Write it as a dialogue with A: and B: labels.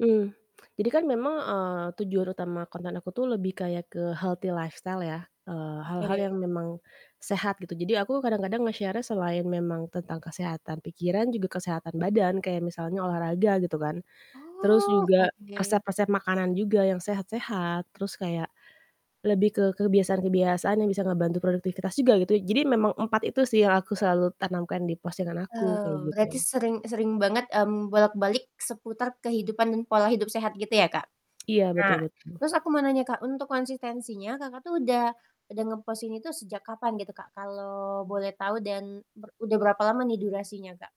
A: Mmm. Jadi kan memang, eee, tujuan utama konten aku tuh lebih kayak ke healthy lifestyle ya, eee, hal-hal
B: Oke.
A: yang memang sehat gitu. Jadi aku kadang-kadang nge-share-nya selain memang tentang kesehatan pikiran, juga kesehatan badan, kayak misalnya olahraga, gitu kan. Terus
B: Oh,
A: juga
B: oke-oke.
A: resep-resep makanan juga yang sehat-sehat, terus kayak, lebih ke kebiasaan-kebiasaan yang bisa ngebantu produktivitas juga gitu ya, jadi memang 4 itu sih yang aku selalu tanamkan di postingan aku, kayak
B: Eee, berarti
A: gitu.
B: sering e sering banget, mmm, bolak-balik seputar kehidupan dan pola hidup sehat gitu ya, Kak?
A: Iya,
B: Nah,
A: betul-betul.
B: terus aku mau nanya, Kak, untuk konsistensinya, Kakak tuh udah udah nge-post ini itu sejak kapan gitu, Kak? Kalau boleh tahu dan ber udah berapa lama nih durasinya, Kak?